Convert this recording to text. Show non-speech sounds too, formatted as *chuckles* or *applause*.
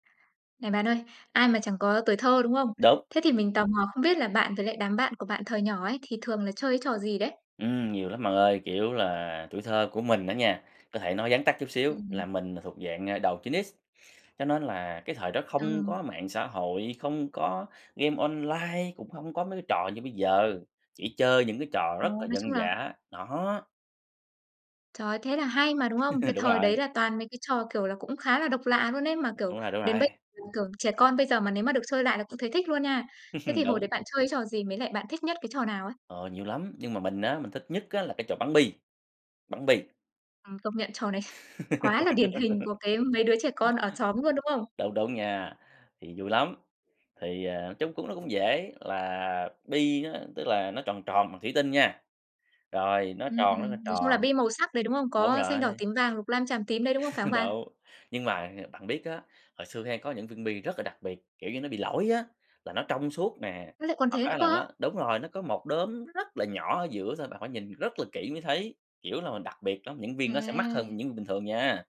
Này bạn ơi, ai mà chẳng có tuổi thơ, đúng không? Đúng. Thế thì mình tò mò không biết là bạn với lại đám bạn của bạn thời nhỏ ấy thì thường là chơi trò gì đấy? Ừm, nhiều lắm bạn ơi. Kiểu là, tuổi thơ của mình đó nha, có thể nói vắn tắt chút xíu là Ừm. mình thuộc dạng, à, đầu 9X cho nên là cái thời đó Ờ. không có mạng xã hội, không có game online, cũng hông có mấy cái trò như bây giờ, chỉ chơi những cái trò Ồ, rất là nói chung dân là dã, đó. Trời, thế là hay mà, đúng không? Cái *chuckles* Đúng thời rồi. đấy là toàn mấy cái trò, kiểu là, cũng khá là độc lạ luôn ấy, mà kiểu, Đúng rồi, đúng đến rồi. bây kiểu, trẻ con bây giờ mà nếu mà được chơi lại là cũng thấy thích luôn nha. Thế *chuckles* thì hồi Đúng. đấy bạn chơi trò gì? Với lại bạn thích nhất cái trò nào á? Ờ, nhiều lắm, nhưng mà mình á, mình thích nhất á, là cái trò bắn bi. Bắn bi. Ừm, công nhận trò này *chuckles* quá là điển hình của cái mấy đứa trẻ con ở xóm luôn, đúng *laughs* không? Đúng, đúng nha. Thì vui lắm, thì, à, chung cũng nó cũng dễ, là bi á, tức là nó tròn tròn bằng thủy tinh nha, rồi nó Ừm, tròn ừm, rất là nói chung là tròn, bi màu sắc đấy, đúng không? đúng Có xanh, rồi. đỏ, tím, vàng, lục, lam, chàm, tím đấy, đúng không? Phải không *chuckles* bạn? Đúng, nhưng mà, à, bạn biết á, hồi xưa hay có những viên bi rất là đặc biệt, kiểu như, nó bị lỗi á, là nó Ơ, trong suốt nè, lại còn hoặc thế nữa á, cơ là á? nó đúng rồi nó có một đốm nó rất là nhỏ ở giữa thôi, bạn phải nhìn rất là kỹ mới thấy. Kiểu là, mình đặc biệt lắm, những viên đó sẽ mắc À. hơn những viên bình thường nha.